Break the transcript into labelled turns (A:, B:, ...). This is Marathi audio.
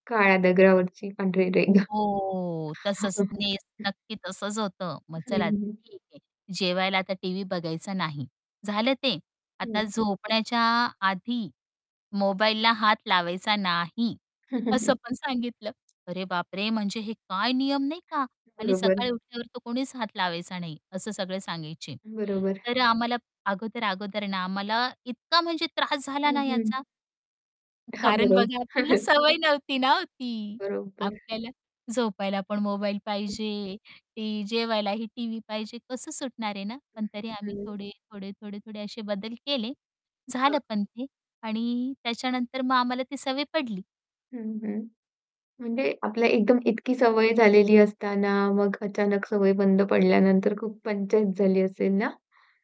A: काळ्या दगरावरची पांढरी रेघ.
B: हो तसच नेस नक्की तसच होत, मग
A: हं,
B: चला
A: हं.
B: ठीक आहे. जेवायला आता टीव्ही बघायचा नाही, झालं ते. आता
A: हं.
B: झोपण्याच्या आधी मोबाईलला हात लावायचा नाही
A: हं, हं,
B: असं
A: हं.
B: पण सांगितलं, अरे बापरे! म्हणजे हे काय नियम नाही का आणि
A: बरोबर
B: सकाळी
A: आहे.
B: उठल्यावर तर कोणीच हात लावायचा नाही, असं सगळे सांगायचे
A: बरोबर.
B: तर अ, आम्हाला अगोदर, अगोदर ना आम्हाला इतका म्हणजे त्रास झाला ना
A: हं, हं.
B: याचा.
A: हां,
B: कारण
A: बरोब
B: बघा आपल्याला सवय नव्हती ना ती.
A: बरोबर.
B: आपल्याला झोपायला पण मोबाईल
A: हं.
B: पाहिजे, ते जेवायलाही टीव्ही पाहिजे, कसं सुटणार आहे ना,
A: अ,
B: पण तरी आम्ही
A: हं.
B: थोडे, थोडे, थोडे, थोडे असे बदल केले,
A: हां.
B: झालं पण ते आणि त्याच्यानंतर मग आम्हाला ती सवय पडली.
A: हं, हं. म्हणजे आपल्याला एकदम इतकी सवय झालेली असताना, मग अचानक सवय बंद पडल्यानंतर खूप पंचायत झाली असेल ना?